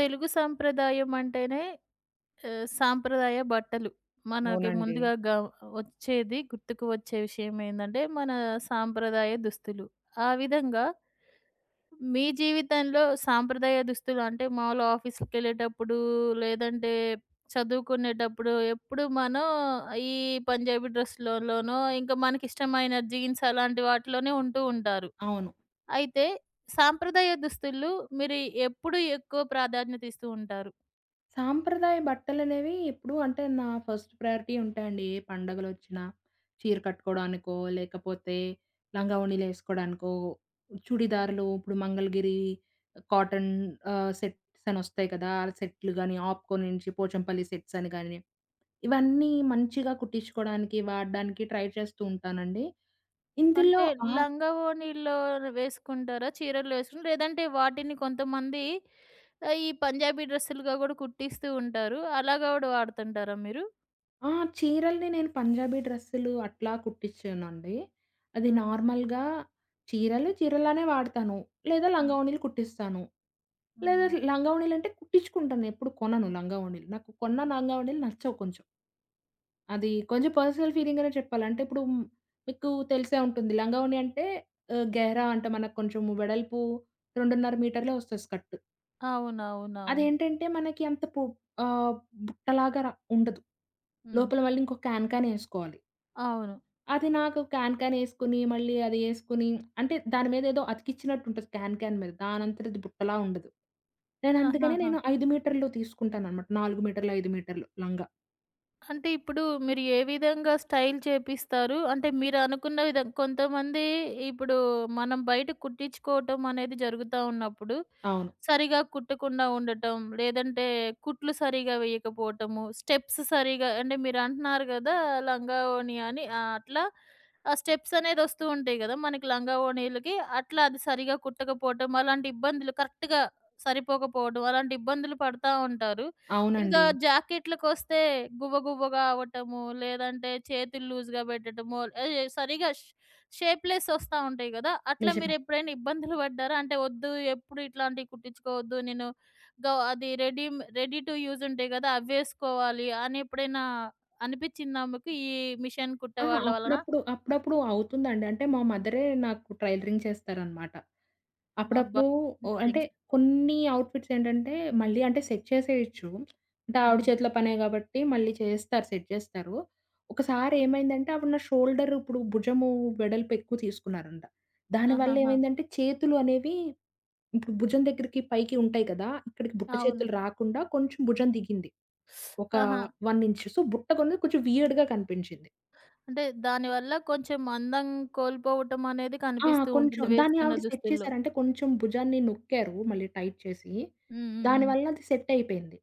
తెలుగు సాంప్రదాయం అంటేనే ఆహ్, సాంప్రదాయ బట్టలు. మనకి అవునండి. ముందుగా గ వచ్చేది గుర్తుకు వచ్చే విషయమేందంటే, మన సాంప్రదాయ దుస్తులు. ఆ విధంగా, మీ జీవితంలో సాంప్రదాయ దుస్తులు అంటే, మాములుగా ఆఫీస్‌కెళ్ళేటప్పుడు, లేదంటే చదువుకునేటప్పుడు, ఎప్పుడు మనం ఈ పంజాబీ డ్రెస్లులోనో, ఇంకా మనకిష్టమైన జీన్స్ అలాంటి వాటిలోనే ఉంటూ ఉంటారు. అవును. అయితే సాంప్రదాయ దుస్తులు మీరు ఎప్పుడు ఎక్కువ ప్రాధాన్యత ఇస్తూ ఉంటారు? సాంప్రదాయ బట్టలనేవి, ఎప్పుడు అంటే నా ఫస్ట్ ప్రయారిటీ ఉంటాయండి. ఏ పండగలొచ్చిన, చీర కట్టుకోవడానికో, లేకపోతే లంగావోణీలేసుకోడానికో, చుడిదార్లు ఇప్పుడు మంగళగిరి కాటన్ ఆహ్, సెట్స్ అనొస్తాయి కదా, అలా సెట్లు గానీ 'ఆప్కో' నుంచి 'పోచంపల్లి' సెట్సని గానీ, ఇవన్నీ మంచిగా కుట్టించుకోవడానికి, వాడడానికి ట్రై చేస్తూ ఉంటానండి. ఇందులో అంటే ఆ లంగావోణీల్లో వేసుకుంటారా? చీరలేసున్ లేదంటే వాటిని కొంతమంది, ఆహ్, ఈ పంజాబీ డ్రెస్‌లుగా కూడా కుట్టిస్తూ ఉంటారు. అలాగా కూడా వాడుతుంటారా మీరు? ఆహ్, చీరల్ని నేను పంజాబీ డ్రెస్సులు అట్లా కుట్టించనండి. అది హ్మ్. నార్మల్‌గా చీరలు చీరలానే వాడతాను. లేదా హ్మ్. లంగావోణీలు కుట్టిస్తాను. లేదా హ్మ్. లంగావోణీలంటే, కుట్టించుకుంటానేప్పుడూ కొనను లంగావోణీలు. నాకు కొన్న లంగావోణీలు నచ్చవు కొంచెం. అది కొంచెం పర్సనల్ ఫీలింగనే చెప్పాలి. అంటే ఇప్పుడు మీకు తెలిసే ఉంటుంది లంగావోణి అంటే, ఆహ్, గెహరా అంటే మనకు కొంచెం వెడల్పు 2.5 మీటర్లే వస్తది స్కర్టు. అవునవునవును. అదేంటంటే మనకి అంత పు ఆహ్ బుట్టలాగా‌రా ఉండదు. హ్మ్. లోపల మళ్ళీ ఇంకో క్యాన్ క్యాన్ ఏసుకోవాలి అవును. అది నాకు క్యాన్ క్యానేసుకొని మళ్ళీ అది ఏసుకొని అంటే దాని మీద ఏదో అతికించినట్టుంటది క్యాన్ క్యాన్ మీద. దానంతటది బుట్టలా ఉండదు. నేనందుకనే ఆహాహా! నేను 5 మీటర్లు తీసుకుంటానన్నమాట. 4 మీటర్లు 5 మీటర్లు లంగా. అంటే, ఇప్పుడు మీరు ఏ విధంగా స్టైల్ చేపిస్తారు? అంటే మీరనుకున్న విధం కొంతమంది ఇప్పుడు మనం బయట కుట్టించుకోవటమనేది జరుగుతా ఉన్నప్పుడు, అవును. సరిగ్గా కుట్టకుండా ఉండటం, లేదంటే కుట్లు సరిగ్గా వేయకపోవటము, స్టెప్స్ సరిగ్గా అంటే మీరంటున్నారు గదా లంగావోణి అని అట్లా ఆ! స్టెప్‌సనేది వస్తు ఉంటాయి గదా! మనకి లంగావోణీలకి. అట్లా అది సరిగ్గా కుట్టకపోవటం. అలాంటి ఇబ్బందులు కరెక్ట్‌గా సరిపోకపోవడం అలాంటి ఇబ్బందులు పడతా ఉంటారు. ఇంకా అవునండి. జాకెట్లుకొస్తే గువ్వ గువ్వగా అవ్వటము, లేదంటే చేతులు లూజ్‌గా పెట్టడము ఆహ్, యె సరిగ్గా షే షేప్‌లెస్ వస్తా ఉంటాయి గదా! అట్లా నిజమే. మీరేప్పుడైనా ఇబ్బందులు పడ్డారా? అంటే వద్దు ఎప్పుడు ఇట్లాంటివి కుట్టించుకోవద్దు నేను గ అది రెడీ‌మే రెడీ టు యూజ్ ఉంటాయి గదా! అవేసుకోవాలి అనేప్పుడైనా అనిపించిందా మీకు? ఈ మిషన్ ఆ! కుట్టే వాళ్ళ వలన? అప్పుడప్పుడు అప్పుడప్పుడు అవుతుందండి. అంటే మా మదరే నాకు ట్రైలరింగ్ చేస్తారనమాట. అబ్బా! అప్పుడప్పుడు ఓ మీకు అంటే టెన్షన్ కొన్ని అవుట్ఫిట్సేంటంటే మళ్ళీ అంటే సెట్ చేసేయొచ్చు. అంటే ఆవిడ హ్మ్. చేతిలో పనే కాబట్టి మళ్ళీ చేస్తారు సెట్ జేస్తారు. ఒకసారేమైందంటే ఆవిడ నా షోల్డర్ ఇప్పుడు భుజము వెడల్పేక్కువ తీసుకున్నారంట. దానివల్ల ఆహాహా! ఏమైందంటే చేతులు అనేవి ఇప్పుడు భుజం దగ్గరికి పైకి ఉంటాయి కదా! ఇక్కడికి బుట్ట అవును. చేతులు రాకుండా కొంచెం భుజం దిగింది. ఒక ఆహా! 1 ఇంచు. సో బుట్టగొన్ను కొంచెం వీయర్డ్‌గా కనిపించింది. అంటే, దాని వల్ల కొంచెం అందం కోల్పోవటమనేది ఆ! కనిపిస్తూ కొంచెం ఉంటుంది. దాన్ని వేసుకున్న ఆవిడ సెట్ దుస్తుల్లో. చేసారంటే, కొంచెం భుజాన్ని నొక్కారు మళ్ళీ టైట్ చేసి. హుహుహు. దానివల్ల అది సెటపేంది.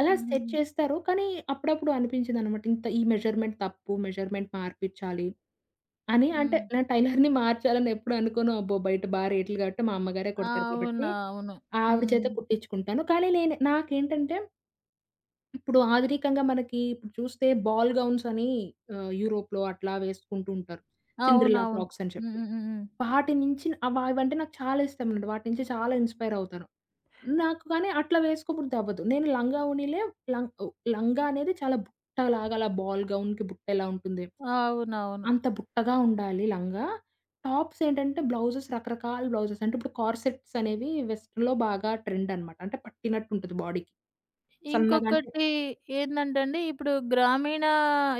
అలా సెట్ హుహుహు. చేస్తారు. కానీ అప్పుడప్పుడు అనిపించిందన్నమాట ఇంత ఈ మెజర్‌మెంట్ తప్పు, మెజర్‌మెంట్ మార్పించాలి, అని అంటే హ్మ్. నా టైలర్‌ని మార్చాలనేప్పుడు అనుకోను. అబ్బో! బయట బా రేట్లు గాబట్టి మా అమ్మగారే కుడతారు కాబట్టి అవునువును. ఆవిడ చేతె హ్మ్. కుట్టించుకుంటాను. కానీ నేను నాకేంటంటే ఇప్పుడు ఆధునికంగా మనకి ఇప్పుడు చూస్తే బాల్ గౌన్స్‌ అని ఆహ్, యూరోప్‌లో అట్లా వేసుకుంటూంటారు. సిండ్రెల్లా అవునవును. ఫ్రాక్‌సని చెప్పి. హుహుహుహు. వాటి నించిన అవవైంటే నాకు చాలా ఇష్టమండి, వాటి నుంచి చాలా ఇన్‌స్పైర్ అవుతారు. నాకు కానీ అట్లా వేసుకోబుద్ధి అవ్వదు. నేను లంగా వోనిలే లంగా ఓహ్ లంగా అనేది చాలా బుట్టలాగా అలా బాల్ గౌన్‌కి బుట్టెలా ఉంటుంది? అవునవును. అంత బుట్టగా ఉండాలి లంగా. టాప్సేంటంటే బ్లౌజెస్ రకరకాల బ్లౌజెస్ అంటే ఇప్పుడు కార్‌సెట్స్ అనేవి వెస్టర్న్‌లో బాగా ట్రెండన్నమాట. అంటే పట్టినట్టుంటది బాడీకి. సన్నగాంటే ఇంకొకటి ఏందంటే అండి ఇప్పుడు గ్రామీణ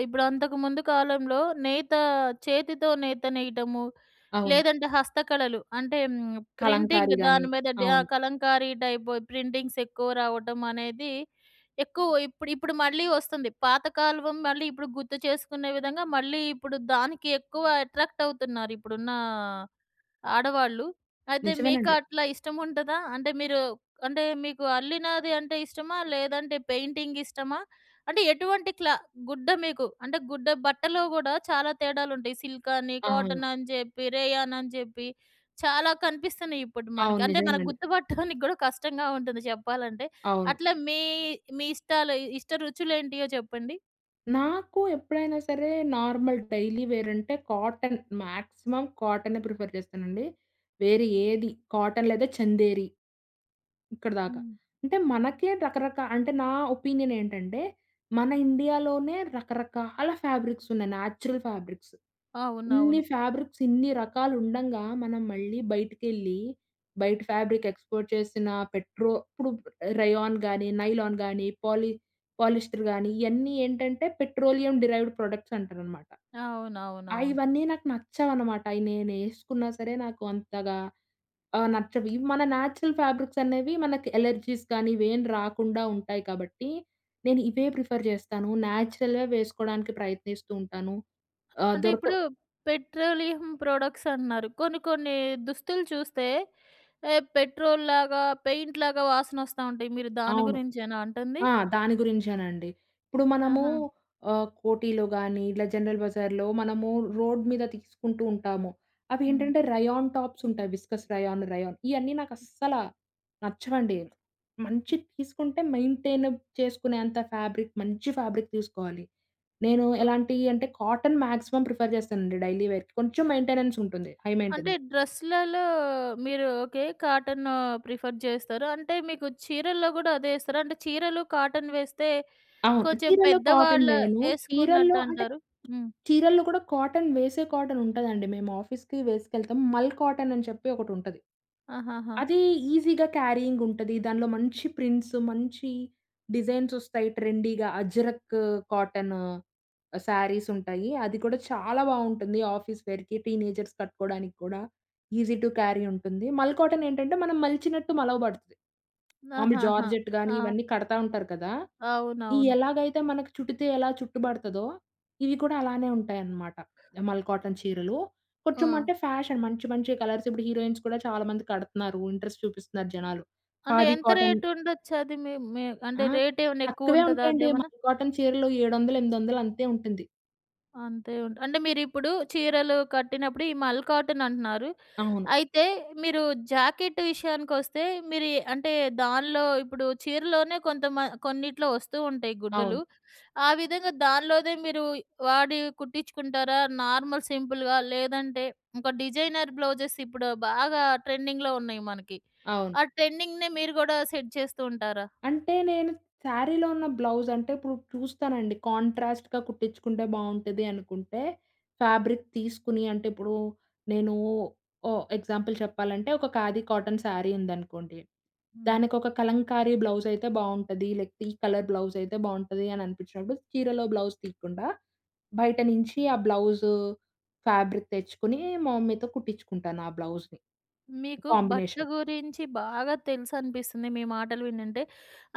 ఇప్పుడంతకు ముందు కాలంలో నేత చేతితో నేత నేయడము, అవును. లేదంటే హస్తకళలు. అంటే కలంకారి ప్రింటింగ్ గాని. దాని మీద డ అవును. కలంకారీ టైప్ ప్రింటింగ్సెక్కువ రావటమనేది ఎక్కువ ఇప్పుడు ఇప్పుడు మళ్ళీ వస్తుంది. పాత కాలం మళ్ళీ ఇప్పుడు గుర్తు చేసుకునే విధంగా మళ్ళీ ఇప్పుడు దానికి ఎక్కువ అట్రాక్టవుతున్నారిప్పుడున్న ఆడవాళ్ళు. అయితే నిజమేనండి. మీకట్లా ఇష్టం ఉంటదా? అంటే మీరు అంటే మీకు అల్లినాది అంటే ఇష్టమా? లేదంటే పెయింటింగిష్టమా? అంటే ఎటువంటి క్లా గుడ్డ మీకు అంటే గుడ్డ బట్టలో గూడా చాలా తేడాలుంటాయి సిల్‌కని, అవును. కాటనని జెప్పి, రేయాననిని జెప్పి చాలా కనిపిస్తున్నాయిప్పుడు మనకి. అవును అంటే మనకు నిజమేనండి. గుర్తు పట్టడానికి కూడా కష్టంగా ఉంటుంది చెప్పాలంటే. అవును. అట్లా మీ మీ ఇష్టాలు ఇష్ట రుచులేంటియో చెప్పండి? నాకు ఎప్పుడైనా సరే నార్మల్ డైలీ వేర్ అంటే కాటన్. మాక్సిమం కాటనే ప్రిఫర్ చేస్తానండి. వేరే ఏది, కాటన్ లేదా 'చందేరి' ఇక్కడిదాకా. హ్మ్. అంటే మనకే రకరకా అంటే నా ఒపీనియన్ ఏంటంటే, మన 'ఇండియాలోనే' రకరకాల ఫ్యాబ్రిక్స్ ఉన్నాయి. Natural fabrics. ఇన్ని అవునవును. ఫ్యాబ్రిక్స్, ఇన్ని రకాలు ఉండంగా, మనం మళ్లీ బయటికేళ్లి, బయట ఫ్యాబ్రిక్ ఎక్స్పోర్ట్ చేసిన పెట్రో ఇపుడు రేయాన్ గానీ, నైలాన్ గానీ, పాలి పాలిస్టర్ గానీ, ఇవన్నీ ఏంటంటే పెట్రోలియం డెరైవ్డ్ ప్రొడక్ట్స్ అంటారన్నమాట. ఆహ్, అవునవునవును. ఇవన్నీ నాకు నచ్చవన్నమాట. అయి నేనేసుకున్నా సరే, నాకు అంతగా ఆహ్, నచ్చవు. ఇవి మన న్యాచురల్ ఫ్యాబ్రిక్స్ అనేవి మనకి అలెర్జీస్ కానీ, ఇవేమీ రాకుండా ఉంటాయి కాబట్టి, నేను ఇవే ప్రిఫర్ చేస్తాను. న్యాచురల్‌గా వేసుకోవడానికి ప్రయత్నిస్తూ ఉంటాను. ఆహ్, అంటే దొరక ఇప్పుడు పెట్రోలియం ప్రొడక్ట్స్ అంటున్నారు. కొన్ని కొన్ని దుస్తులు చూస్తే ఎ పెట్రోల్‌లాగా, పెయింట్‌లాగా వాసనోస్తా ఉంటాయి. మీరు దాని అవును. గురించేనా అంటుంది? ఆ! దాని గురించేనండి. ఇప్పుడు మనము ఆహా! ఆహ్, 'కోటిలో' గానీ, ఇలా 'జనరల్ బజార్‌లో' మనము రోడ్ మీద తీసుకుంటూ ఉంటాము. అవి హ్మ్. ఏంటంటే రేయాన్ టాప్స్ ఉంటాయి. విస్కోస్ రేయాన్, రేయాన్ ఇవన్నీ నాకు అస్సల నచ్చవండి. మంచి తీసుకుంటే మెయింటైన్ చేసుకునేంత ఫ్యాబ్రిక్, మంచి ఫ్యాబ్రిక్ తీసుకోవాలి. నేను ఓహ్! ఎలాంటివి అంటే కాటన్ మాక్సిమం ప్రిఫర్ చేస్తానండి డైలీ వేర్‌కి. కొంచెం మెయింటెనెన్స్ ఉంటుంది. హై అంటే మెయింటెనెన్స్. డ్రెస్లల్లో మీరు ఓకే, కాటన్ ప్రిఫర్ చేస్తారు. అంటే మీకు చీరల్లో కూడా అదే ఏస్తారా? అంటే చీరలు కాటన్ వేస్తే అవును. కొంచెం చీరల్లో కాటన్ పెద్దవాళ్లు వేయను. చీరల్లో వేసుకున్నట్టు అంటే, అంటారు. హ్మ్. చీరల్లో కూడా కాటన్ వేసే కాటన్ ఉంటదండి. మేము ఆఫీస్‌కి వేసుకెళ్తాం. 'మల్' కాటన్ అని చెప్పి ఒకటుంటది. ఆహాహా! అది ఈజీగా క్యారీయింగ్ ఉంటది. దాంట్లో మంచి ప్రింట్స్, మంచి డిజైన్స్ వస్తాయి. ట్రెండీగా 'అజ్రఖ్' కాటన్, సారీసుంటాయి. అది కూడా చాలా బాగుంటుంది ఆఫీస్ వేర్‌కి, టీనేజర్స్ కట్టుకోవడానికి కూడా ఈజీ టు క్యారీ ఉంటుంది. 'మల్' కాటన్ ఏంటంటే, మనం మలిచినట్టు మలవబడతది. మామూలు ఆహాహా! 'జార్జెట్' కానీ, ఆ! ఇవన్నీ కడతా ఉంటారు కదా! అవునవును. ఎలాగైతే మనకు చుట్టితే ఎలా చుట్టు బడతాదో, ఇవి కూడా అలానే ఉంటాయన్నమాట. 'మల్' కాటన్ చీరలు కొంచెం ఆ! అంటే ఫ్యాషన్. మంచి మంచి కలర్స్. ఇప్పుడు హీరోయిన్స్ కూడా చాలా మంది కడుతున్నారు. ఇంట్రెస్ట్ చూపిస్తున్నారు జనాలు. అంటే 'ఖాదీ' ఎంత కాటన్ రేట్ ఉండొచ్చు? అది మీ మీ ఆ! అంటే రేట్ ఏమన్నా ఎక్కువ తక్కువే ఉంటదా? ఉంటాయండి. అదేమన్నా? 'మల్' కాటన్ చీరలు 700 800 అంతే ఉంటుంది. అంతే ఉంట్ అంటే, మీరిప్పుడు చీరలు కట్టినప్పుడు ఈ మల్ కాటన్ అంటున్నారు అవును. అయితే, మీరు జాకెట్ విషయానికొస్తే మీరు ఎ అంటే, దాన్లో ఇప్పుడు చీరలోనే కొంత మ కొన్నిట్లో వస్తూ ఉంటాయి గుడ్డలు, అవును. ఆ విధంగా దానిలోదె మీరు వాడి కుట్టించుకుంటారా నార్మల్ సింపుల్‌గా? లేదంటే, ఇంక డిజైనర్ బ్లౌజెస్ ఇప్పుడు బాగా ట్రెండింగ్‌లో ఉన్నాయి మనకి, అవును. ఆ ట్రెండింగ్‌నే మీరు గూడా సెట్ చేస్తూ ఉంటారా? అంటే, నేను సారీలో ఉన్న బ్లౌజంటే, ఇప్పుడు చూస్తానండి, కాంట్రాస్ట్‌గ కుట్టిచుకుంటే బావుంటది అనుకుంటే, ఫ్యాబ్రిక్ తీసుకొని అంటే, ఇప్పుడు నేనూ ఓ ఎగ్జాంపుల్ చెప్పాలంటే, ఒక ఖాదీ కాటన్ సారీ ఉందనుకోండి, హ్మ్. దానికి ఒక కలంకారీ బ్లౌజైతే బావుంటది. లేకపోతే ఈ కలర్ బ్లౌజైతే బావుంటది అననిపించినప్పుడు. చీరలో బ్లౌజ్ తీయకుండా బయట నుంచి ఆ బ్లౌజు ఫ్యాబ్రిక్ తెచ్చుకొని, మా మమ్మీతో కుట్టించుకుంటాను, ఆ బ్లౌజ్‌ని మీకు భట్ట కాంబినేషన్. గురించి బాగా తెలుసు అనిపిస్తుంది, మీ మాటలు వినుంటే.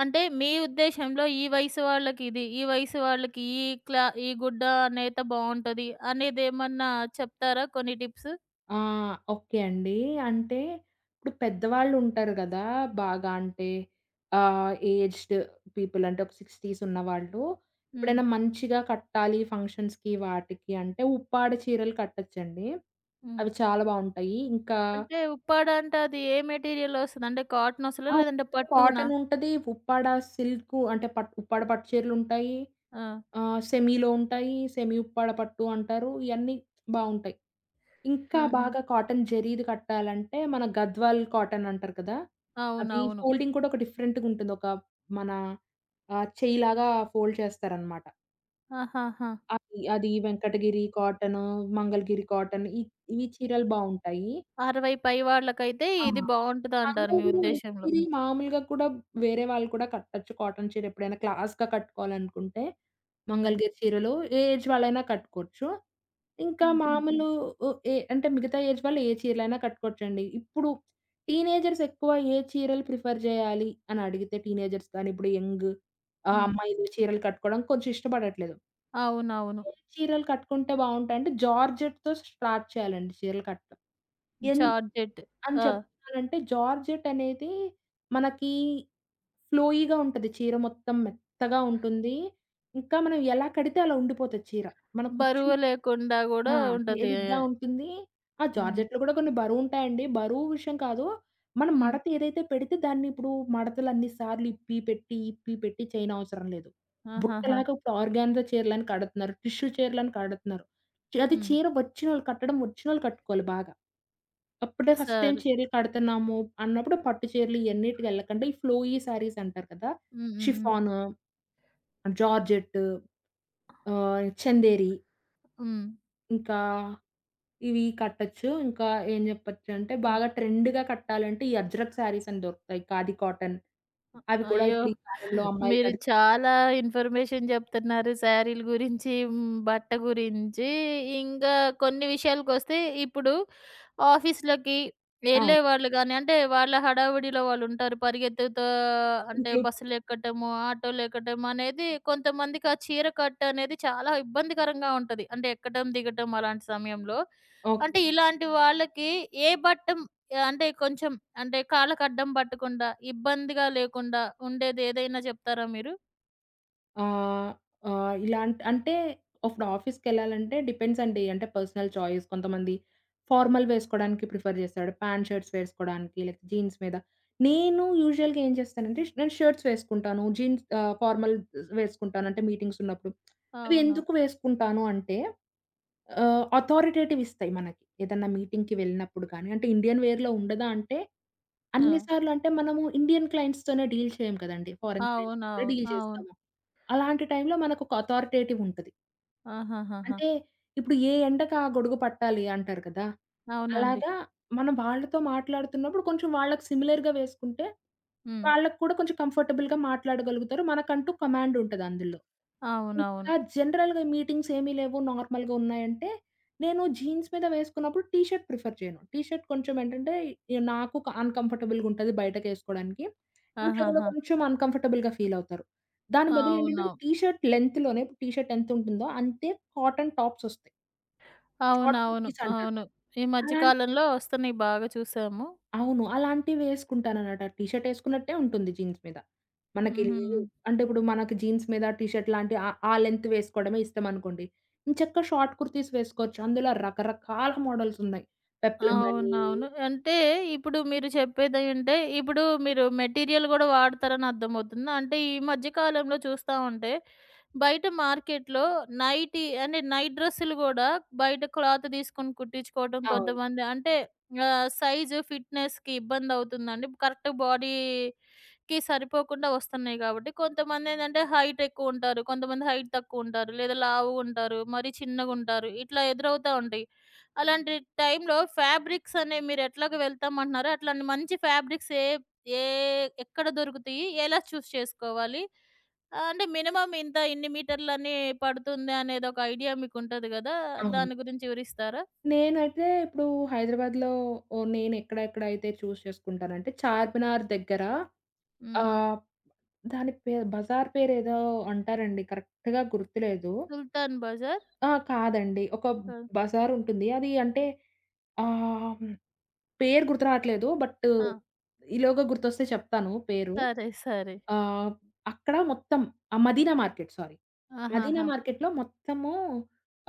అంటే, మీ ఉద్దేశంలో ఈ వయసు వాళ్ళకిది, ఈ వయసు వాళ్ళకి ఈ క్లా ఈ గుడ్డ అనైతే బావుంటది, అనేదేమన్నా చెప్తారా కొన్ని టిప్స్? ఆ! ఓకే అండి. అంటే, ఇప్పుడు పెద్దవాళ్ళుంటారు కదా బాగా అంటే, ఆహ్, ఏజ్డ్ పీపుల్ అంటే, ఒక 60స్ ఉన్నవాళ్ళు హ్మ్. ఎప్పుడైనా మంచిగా కట్టాలి ఫంక్షన్స్‌కి వాటికి అంటే, ఉప్పాడ చీరలు కట్టొచ్చండి. హ్మ్. అవి చాలా బావుంటాయి. ఇంకా అంటే, ఉప్పాడ అంటే, అది ఏ మెటీరియల్ ఒస్తది అంటే, కాటన్ ఒస్తదా, ఆ! లేదంటే పట్టునా? కాటనుంటది. ఉప్పాడ సిల్కు అంటే, పట్టు ఉప్పాడ పట్టు చీరలుంటాయి, ఆ! ఆహ్, సెమీలో ఉంటాయి, సెమీ ఉప్పాడ పట్టు అంటారు ఇయన్నీ బావుంటాయి. ఇంకా ఆహా! బాగా కాటన్ జరీది కట్టాలంటే మన గద్వాల్ కాటనంటారు కదా! అవి అవునవును. ఫోల్డింగ్ కూడా ఒక డిఫరెంట్‌గా ఉంటుంది. ఒక మన ఆహ్, చెయ్యిలాగా ఫోల్డ్ చేస్తారనమాట. ఆహాహా! అది అది వెంకటగిరి కాటను, మంగళగిరి కాటన్ ఈ ఈ చీరలు బావుంటాయి. 60 పై వాళ్ళకైతే ఆ! ఇది బావుంటదంటారు మీ మంగళగిరి, ఉద్దేశంలో. వెంకటగిరి, మామూలుగా కూడా వేరే వాళ్ళు కూడా కట్టొచ్చు కాటన్ చీర ఎప్పుడైనా క్లాస్‌గా కట్టుకోవాలనుకుంటే హ్మ్. మంగళగిరి చీరలు ఏ ఏజ్ వాళ్ళైనా కట్టుకోవచ్చు. ఇంకా హుహు. మామూలు వు ఏ అంటే, మిగతా ఏజ్ వాళ్ళు ఏ చీరలైనా కట్టుకోవచ్చండి. ఇప్పుడు టీనేజర్స్ ఎక్కువ ఏ చీరలు ప్రిఫర్ చేయాలి అనడిగితే, టీనేజర్స్ కానీ ఇప్పుడు యంగ్ ఆహ్, హ్మ్. అమ్మాయిలు చీరలు కట్టుకోవడం కొంచెం ఇష్టపడట్లేదు. అవునవును. చీరలు కట్టుకుంటే బావుంటాయంటే, జార్జెట్‌తో స్టార్ట్ చేయాలండి చీరలు కట్టడం. ఎంద్ జార్టెట్. అని ఆ! చెప్తున్నానంటే జార్జెట్ అనేది మనకి ఫ్లోయిగా ఉంటది, చీర మొత్తం మెత్తగా ఉంటుంది. ఇంకా మనం ఎలా కడితే అలా ఉండిపోతది చీర, మన కుచ్చి బరువు లేకుండా కూడా ఆ! ఉంటది. తేలిగ్గ ఉంటుంది ఆ హ్మ్. జార్జెట్లు కూడా కొన్ని బరువు ఉంటాయండి, బరువు విషయం కాదు, మనం హ్మ్. మడత ఏదైతే పెడితే దాన్ని ఇప్పుడు మడతలన్ని సార్లు ఇప్పి పెట్టి ఇప్పి పెట్టి చేయనవసరం లేదు. ఆహాహా! బుట్టలాగా ఇప్పుడు ఆర్గాన్జా చీరలని కడుతున్నారు. టిష్యూ చీరలని కడుతున్నారు. చి అది హ్మ్. చీర వచ్చినోళ్ళు కట్టడం వచ్చినోళ్ళు కట్టుకోవాలి బాగా, అప్పుడే ఫస్ట్ టైమ్ సారే. చీరలు కడుతున్నాము అన్నప్పుడు పట్టు చీరలు ఇయన్నిటికి ఎళ్ళకుండా ఈ ఫ్లోయి సారీస్ అంటారు కదా! హ్మ్, హ్మ్, హ్మ్. షిఫాను, జార్జెట్టు ఆహ్, చందేరి. హ్మ్. ఇంకా ఇవీ కట్టచ్చు, ఇంకా ఏం జెప్పచ్చంటే, హ్మ్. బాగా ట్రెండ్‌గా కట్టాలంటే, ఈ అజ్రక్ సారీసని దొరుకుతాయి, ఖాదీ కాటన్. అ అవి కూడా అయ్యో! ఇప్పుడు ఈ కాలంలో అమ్మాయిలు మీరు కడు చాలా ఇన్ఫర్మేషన్ జెప్తన్నారు సారీలు గురించీ, హ్మ్, బట్ట గురించీ. ఇంగా కొన్ని విషయాలకొస్తే, ఇప్పుడు ఆఫీస్‌లకి అవును. వెళ్ళేవాళ్ళు గానీ, అంటే, వాళ్ళ హడావుడిలో వాళ్ళుంటారు, పరిగెత్తుతా అంటే, ఓకే. బస్సులెక్కటము, ఆటోలెక్కటమనేదీ కొంతమందికి ఆ చీర కట్టనేది చాలా ఇబ్బందికరంగా ఉంటది, అంటే, ఎక్కటం, దిగటం, అలాంటి సమయంలో. ఓకే. అంటే, ఇలాంటి వాళ్ళకి ఏ బట్టమ్ య అంటే కొంచం అంటే, కాళ్ళకడ్డం బట్టకుండా, ఇబ్బందిగా లేకుండా ఉండేదేదైనా జెప్తారా మీరు? ఆహ్, ఆహ్, ఇలాంట్ అంటే, అఫ్ఫుడు ఆఫీస్‌కెళ్ళాలంటే డిపెండ్సండి. అంటే, పర్సనల్ ఛాయిస్. కొంతమంది ఫార్మల్ వేసుకోడానికి ప్రిఫర్ జేస్తాడు. ప్యాంట్, షర్ట్స్ వేసుకోడానికీ, లైక్ జీన్స్ మీద. నేను యూజువల్‌గా ఏం చేస్తానంటే, ష్ నేను షర్ట్స్ వేసుకుంటాను. జీన్స్ ఆహ్, ఫార్మల్స్ వేసుకుంటాను. అంటే, మీటింగ్సున్నప్పుడు. అవి అవును. ఎందుకు వేసుకుంటాను అంటే, ఆహ్, అథారిటేటివిస్తాయి మనకి. ఏదన్నా మీటింగ్‌కి వెళ్ళినప్పుడు కానీ. అంటే, ఇండియన్ వేర్‌లో ఉండదా అంటే, అన్ని ఆ! సార్లు అంటే మనము ఇండియన్ క్లయింట్స్‌తోనే డీల్ చెయ్యం కదండీ. ఫారెన్ క్లయింట్స్‌తో కూడా అవునవును. డీల్ అవును. చేస్తాము. అలాంటి టైంలో మనకొక అథారిటేటివ్ వుంటది. ఆహాహాహా! అంటే ఇప్పుడు ఏ ఎండకు ఆ గొడుగు పట్టాలి అంటారు కదా! అవునండి. అలాగా మనం వాళ్ళతో మాట్లాడుతున్నప్పుడు కొంచెం వాళ్ళకి సిమిలర్‌గ వేసుకుంటే హ్మ్. వాళ్ళకి కూడా కొంచెం కంఫర్టబుల్‌గా మాట్లాడగలుగుతారు. మనకంటూ కమాండ్ ఉంటది అందులో. ఇంకా అవునవును. జనరల్‌గా మీటింగ్స్ ఏమీ లేవు నార్మల్‌గా ఉన్నాయంటే నేను జీన్స్ మీద వేసుకున్నప్పుడు టీ షర్ట్ ప్రిఫర్ చేయను. టీ షర్ట్ కొంచెం ఏంటంటే ఇగ నాకు అన్‌కంఫర్టబుల్‌గా ఉంటది బయటకేసుకోవడానికి. ఇంట్లో కూడా ఆహాహా! కొంచెం అన్‌కంఫర్టబుల్‌గా ఫీలవుతారు. దాని బదులు ఏంటంటే అవును. టీ షర్ట్ లెంగ్త్‌లోనే టీ షర్ట్ ఎంత ఉంటుందో అంతే కాటన్ టాప్సొస్తయి. షార్ట్ అవునవును కుర్తీస్ అంటారు. అవును. ఈ మధ్య అలాంటి కాలంలో వస్తున్నాయి బాగా చూసాము. అవును. అలాంటివేసుకుంటానన్నమాట. అది టీ షర్ట్ ఎసుకున్నట్టే ఉంటుంది జీన్స్ మీద. మనకి లేదు హుహు. అంటే ఇప్పుడు మనకి జీన్స్ మీద టీ షర్ట్ లాంటివి ఆ ఆ లెంగ్త్ వేసుకోవడమే ఇష్టం అనుకోండి, ఎంచక్కా షార్ట్ కుర్తీస్ వేసుకోవచ్చు. అందులో రకరకాల మోడల్స్ ఉన్నాయి. పెప్లం అని అవునవును. అంటే ఇప్పుడు మీరు చెప్పేది అంటే ఇప్పుడు మీరు మెటీరియల్ గూడా వాడతారని అర్థమవుతుంది. అంటే ఈ మధ్య కాలంలో చూస్తా ఉంటే బయట మార్కెట్‌లో నైటీ అంటే నైట్ డ్రెస్సులు గూడా బయట క్లాత్ తీసుకొని కుట్టించుకోవడం అవును. కొంతమంది. అంటే ఆహ్, సైజు ఫిట్‌నెస్‌కి ఇబ్బంది అవుతుందండి కరెక్ట్ బాడీకి సరిపోకుండా వస్తున్నాయి గాబట్టి కొంతమందేంటంటే హైట్ ఎక్కువ ఉంటారు. కొంతమంది హైట్ తక్కువ ఉంటారు లేదా లావుగా ఉంటారు, మరీ చిన్నగా ఉంటారు. ఇట్లా ఎదురవుతా ఉంటాయి. అలాంటి టైమ్‌లో ఫాబ్రిక్స్ అనే మీరు ఎట్లాగా వెళ్తాం అంటున్నారో అట్లాంటి మంచి ఫాబ్రిక్స్ ఏ ఏ ఎక్కడ దొరుకుతియి? ఎలా చూజ్ చేసుకోవాలి? అంటే మినిమమ్ ఇంత ఇన్ని మీటర్లని పడుతుంది అనేదొక ఐడియా మీకు ఉంటది కదా అవును. దాని గురించి వివరిస్తారా? నేనైతే ఇప్పుడు హైదరాబాద్‌లో నేను ఎక్కడెక్కడ అయితే చూస్ చేసుకుంటానంటే చార్మినార్ దగ్గర హ్మ్. ఆహ్, దాని పేరు బజార్ పేరేదో అంటారండి కరెక్ట్‌గ గుర్తులేదు. సుల్తాన్ బజార్. ఆ! కాదండి ఒక క బజార్ ఉంటుంది అది అంటే ఆహ్, పేరు గుర్తు రాట్లేదు బట్టు ఆ! ఈలోగా గుర్తొస్తే చెప్తాను పేరు సరే సరే. ఆహ్, అక్కడ మొత్తం ఆ! మదీనా మార్కెట్ సారీ మదీనా ఆహాహా! మార్కెట్లో మొత్తము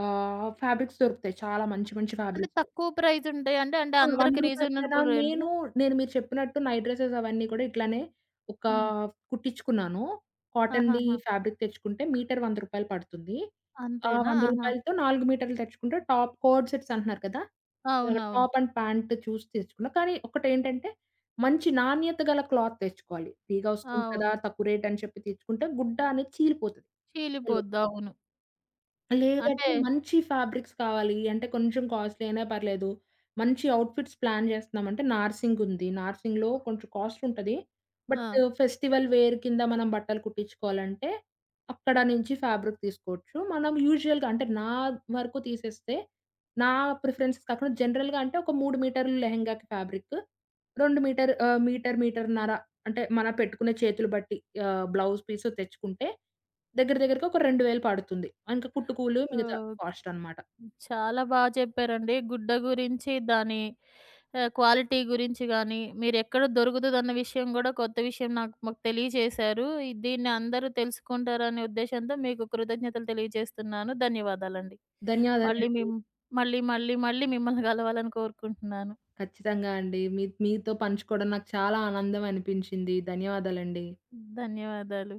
ఆహ్, ఫ్యాబ్రిక్స్ దొరుకుతాయి. చాలా మంచి మంచి అంటే ఫ్యాబ్రిక్స్. తక్కువ ప్రైస్ అంటే అండి, అవును. 100 అందరికి రూపాయలు నేన రీజనబుల్ రేంజ్‌ల. నేను నేను మీరు చెప్పినట్టు నైట్ డ్రెసెస్ అవన్నీ కూడా ఇట్లానే ఒక హ్మ్. కుట్టించుకున్నాను కాటన్‌ది ఆహాహా! ఫ్యాబ్రిక్ తెచ్చుకుంటే మీటర్ 100 రూపాయలు పడుతుంది. ఆ అంతేనా 100 ఆహా! రూపాయలతో 4 మీటర్లు తెచ్చుకుంటే టాప్ కోడ్ సెట్స్ అంటున్నారు కదా అవునవును. టాప్ అండ్ ప్యాంట్ చూసి తెచ్చుకున్నా. కానీ ఒకటి ఏంటంటే మంచి నాణ్యత గల క్లాత్ తెచ్చుకోవాలి. ఫ్రీగా ఆ! వస్తుంది కదా అవును. తక్కువ రేటని చెప్పి తెచ్చుకుంటే గుడ్డ అనేది చీలిపోతది. చీలిపోద్ది. [unintelligible] అవును. అంటే. లేదంటే మంచి ఫ్యాబ్రిక్స్ కావాలి. అంటే కొంచెం కాస్ట్‌లీ అయినా పర్లేదు మంచి ఔట్‌ఫిట్స్ ప్లాన్ జేస్తున్నామంటే నార్సింగ్ ఉంది. నార్సింగ్‌లో కొంచెం కాస్ట్‌ ఉంటది బట్ ఆ! ఫెస్టివల్ వేర్ కింద మనం బట్టలు కుట్టించుకోవాలంటే అక్కడ నుంచి ఫ్యాబ్రిక్ తీసుకోవచ్చు. మనం యూజువల్‌గా అంటే నా వరకు తీసేస్తే నా ప్రిఫరెన్స్ కాకుండా జనరల్‌గా అంటే ఒక 3 మీటర్లు లెహెంగాకి ఫ్యాబ్రికు. 2 మీటర్ ఆహ్, మీటర్ మీటర్నర అంటే మన పెట్టుకునే చేతులు బట్టి ఆహ్, బ్లౌజ్ పీస్ తెచ్చుకుంటే దగ్గర దగ్గరగా ఒక 2000 పడుతుంది. ఇంకా కుట్టుకూలు మిగతా ఓకే. కాస్టనమాట. చాలా బా చెప్పారండి. గుడ్డ గురించి దాని ఆహ్, క్వాలిటీ గురించి గాని మీరెక్కడ దొరుకుతుదన్న విషయం గూడా కొత్త విషయం నాకు మాకు తెలియజేశారు. ఇది దీన్ని అందరూ తెలుసుకుంటారనే ఉద్దేశంతో మీకు కృతజ్ఞతలు తెలియజేస్తున్నాను, ధన్యవాదాలండి. మళ్ళీ మీ ధన్యవాదాలండి. మళ్ళీ మళ్ళీ మళ్ళీ మిమ్మల్ని కలవాలని కోరుకుంటున్నాను. ఖచ్చితంగా అండి. మీ మీతో పంచుకోవడం నాకు చాలా ఆనందం అనిపించింది, ధన్యవాదాలండి. ధన్యవాదాలు.